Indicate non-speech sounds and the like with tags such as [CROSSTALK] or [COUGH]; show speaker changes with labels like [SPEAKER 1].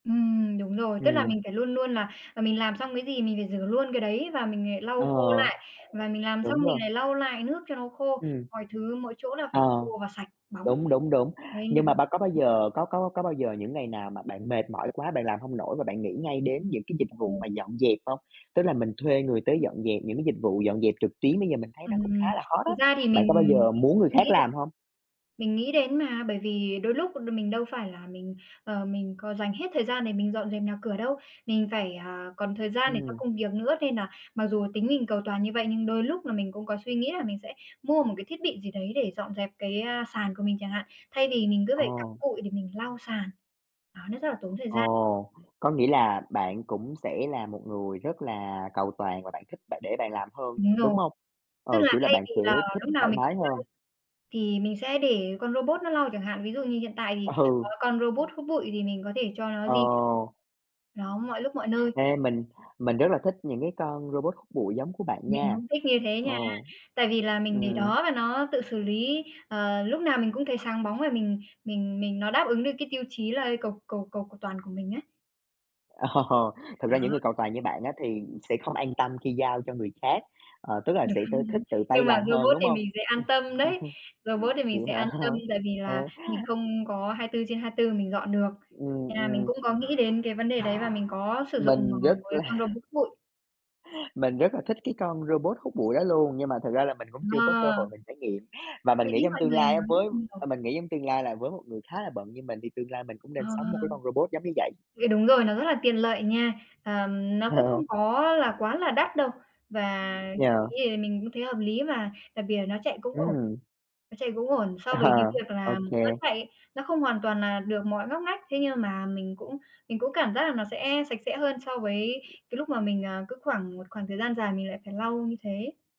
[SPEAKER 1] Ừm, đúng rồi, tức là
[SPEAKER 2] Ừm.
[SPEAKER 1] mình phải luôn luôn là mình làm xong cái gì mình phải rửa luôn cái đấy và mình, à, lau
[SPEAKER 2] Ờ,
[SPEAKER 1] khô lại, và mình làm xong
[SPEAKER 2] đúng
[SPEAKER 1] mình
[SPEAKER 2] rồi.
[SPEAKER 1] lại lau lại nước cho nó khô,
[SPEAKER 2] Ừm.
[SPEAKER 1] mọi thứ mỗi chỗ là phải khô
[SPEAKER 2] Ờ,
[SPEAKER 1] và sạch bóng.
[SPEAKER 2] đúng, đúng, đúng.
[SPEAKER 1] Đây là
[SPEAKER 2] Nhưng
[SPEAKER 1] việc
[SPEAKER 2] mà ba có bao giờ có có có bao giờ những ngày nào mà bạn mệt mỏi quá, bạn làm hông nổi và bạn nghĩ ngay đến những cái dịch
[SPEAKER 1] Ờ.
[SPEAKER 2] vụ mà dọn dẹp hông? Tức là mình thuê người tới dọn dẹp, những cái dịch vụ dọn dẹp trực tuyến bây giờ mình thấy
[SPEAKER 1] Ừm,
[SPEAKER 2] nó cũng khá
[SPEAKER 1] ừm.
[SPEAKER 2] là hot á.
[SPEAKER 1] Thực ra thì
[SPEAKER 2] Bạn
[SPEAKER 1] mình
[SPEAKER 2] có bao giờ muốn người khác
[SPEAKER 1] nghĩ đến
[SPEAKER 2] làm hông?
[SPEAKER 1] mình nghĩ đến mà, bởi vì đôi lúc đ mình đâu phải là mình, ờ, mình có dành hết thời gian để mình dọn dẹp nhà cửa đâu. Mình phải, à, còn thời gian để cho
[SPEAKER 2] Ừm.
[SPEAKER 1] công việc nữa, nên là mặc dù tính mình cầu toàn như vậy nhưng đôi lúc là mình cũng có suy nghĩ là mình sẽ mua một cái thiết bị gì đấy để dọn dẹp cái, a, sàn của mình chẳng hạn, thay vì mình cứ phải cặm
[SPEAKER 2] Ồ!
[SPEAKER 1] cụi để mình lau sàn. Đó, nó rất là tốn thời gian.
[SPEAKER 2] Ồ! Có nghĩa là bạn cũng sẽ là một người rất là cầu toàn và bạn thích bạn để bạn làm hơn,
[SPEAKER 1] Đúng rồi,
[SPEAKER 2] đúng hông?
[SPEAKER 1] tức
[SPEAKER 2] Ừ,
[SPEAKER 1] là
[SPEAKER 2] kiểu là,
[SPEAKER 1] thay
[SPEAKER 2] bạn
[SPEAKER 1] vì
[SPEAKER 2] sẽ
[SPEAKER 1] là
[SPEAKER 2] thích
[SPEAKER 1] lúc nào
[SPEAKER 2] thoải
[SPEAKER 1] mình cũng
[SPEAKER 2] mái
[SPEAKER 1] lau,
[SPEAKER 2] hơn.
[SPEAKER 1] thì mình sẽ để con robot nó lau chẳng hạn, ví dụ như hiện tại thì có
[SPEAKER 2] Ừ.
[SPEAKER 1] con robot hút bụi thì mình có thể cho nó di
[SPEAKER 2] Ờ.
[SPEAKER 1] nó mọi lúc mọi nơi.
[SPEAKER 2] Ê, mình mình rất là thích những cái con robot hút bụi giống của bạn
[SPEAKER 1] Mình
[SPEAKER 2] nha.
[SPEAKER 1] cũng thích như thế nha.
[SPEAKER 2] Ồ.
[SPEAKER 1] Tại vì là mình để
[SPEAKER 2] Ừm.
[SPEAKER 1] đó và nó tự xử lý, ờ, lúc nào mình cũng thấy sáng bóng và mình mình mình nó đáp ứng được cái tiêu chí là cầu cầu cầu cầu toàn của mình ấy.
[SPEAKER 2] Ồ! Thực
[SPEAKER 1] Đó.
[SPEAKER 2] ra những người cầu toàn như bạn á thì sẽ không an tâm khi giao cho người khác, ờ, tức là sẽ t thích
[SPEAKER 1] Đúng.
[SPEAKER 2] tự tay
[SPEAKER 1] Nhưng
[SPEAKER 2] làm
[SPEAKER 1] mà
[SPEAKER 2] hơn,
[SPEAKER 1] robot
[SPEAKER 2] đúng
[SPEAKER 1] thì
[SPEAKER 2] hông?
[SPEAKER 1] mình sẽ an tâm đấy, robot thì mình sẽ an tâm
[SPEAKER 2] [CHUCKLES] Vậy hả?
[SPEAKER 1] tại vì là mình
[SPEAKER 2] [CHUCKLES]
[SPEAKER 1] không có 24/24 mình dọn được,
[SPEAKER 2] Ừm,
[SPEAKER 1] nên là mình
[SPEAKER 2] ừm.
[SPEAKER 1] cũng có nghĩ đến cái vấn đề đấy và mình có sử dụng, à,
[SPEAKER 2] Mình rất
[SPEAKER 1] một cái con
[SPEAKER 2] là
[SPEAKER 1] robot bụi.
[SPEAKER 2] mình rất là thích cái con robot hút bụi đó luôn, nhưng mà thực ra là mình cũng chưa có cơ hội
[SPEAKER 1] [UNINTELLIGIBLE]
[SPEAKER 2] mình trải nghiệm và mình
[SPEAKER 1] Để
[SPEAKER 2] nghĩ
[SPEAKER 1] ý
[SPEAKER 2] trong
[SPEAKER 1] mọi
[SPEAKER 2] tương
[SPEAKER 1] người
[SPEAKER 2] lai á
[SPEAKER 1] nói
[SPEAKER 2] với
[SPEAKER 1] nhiều.
[SPEAKER 2] à, mình nghĩ trong tương lai là với một người khá là bận như mình thì tương lai mình cũng
[SPEAKER 1] Ờ.
[SPEAKER 2] nên sắm một cái con robot giống như vậy.
[SPEAKER 1] Thì đúng rồi, nó rất là tiện lợi nha. Ờ, nó cũng không
[SPEAKER 2] [CHUCKLES]
[SPEAKER 1] có là quá là đắt đâu, và chi
[SPEAKER 2] Yeah.
[SPEAKER 1] phí thì mình cũng thấy hợp lý mà, đặc biệt là nó chạy cũng ổn,
[SPEAKER 2] Ừm.
[SPEAKER 1] nó chạy cũng ổn so với cái
[SPEAKER 2] À,
[SPEAKER 1] việc
[SPEAKER 2] ô
[SPEAKER 1] là
[SPEAKER 2] kê.
[SPEAKER 1] nó chạy, nó không hoàn toàn là được mọi ngóc ngách, thế nhưng mà mình cũng mình cũng cảm giác là nó sẽ sạch sẽ hơn so với cái lúc mà mình, ờ, cứ khoảng một khoảng thời gian dài mình lại phải lau như thế.